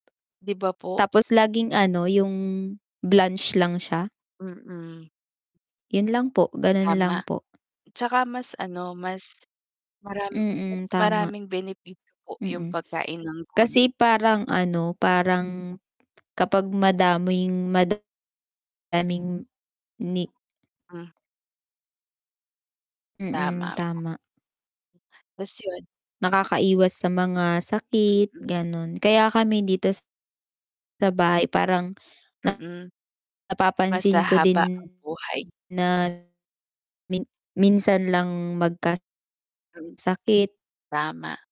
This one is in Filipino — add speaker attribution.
Speaker 1: 'Di ba, po?
Speaker 2: Tapos laging ano, yung blanch lang siya.
Speaker 1: Mm.
Speaker 2: 'Yun lang po, ganun
Speaker 1: Tama,
Speaker 2: lang po.
Speaker 1: 'tsaka mas ano, mas maram mas
Speaker 2: Mm, tama.
Speaker 1: maraming benepisyo po yung
Speaker 2: Mm,
Speaker 1: pagkain ng gulay.
Speaker 2: kasi parang ano, parang, kapag madaming
Speaker 1: M
Speaker 2: madaming ni
Speaker 1: Hmm.
Speaker 2: Mm,
Speaker 1: Tama po.
Speaker 2: tama.
Speaker 1: Tas 'yun
Speaker 2: Nakakaiwas sa mga sakit
Speaker 1: Mm.
Speaker 2: ganun, kaya kami dito sa bahay parang,
Speaker 1: Mm, mas
Speaker 2: napapansin ko
Speaker 1: hahaba ang
Speaker 2: din
Speaker 1: buhay.
Speaker 2: na min minsan lang magka
Speaker 1: Hmm,
Speaker 2: sakit.
Speaker 1: tama.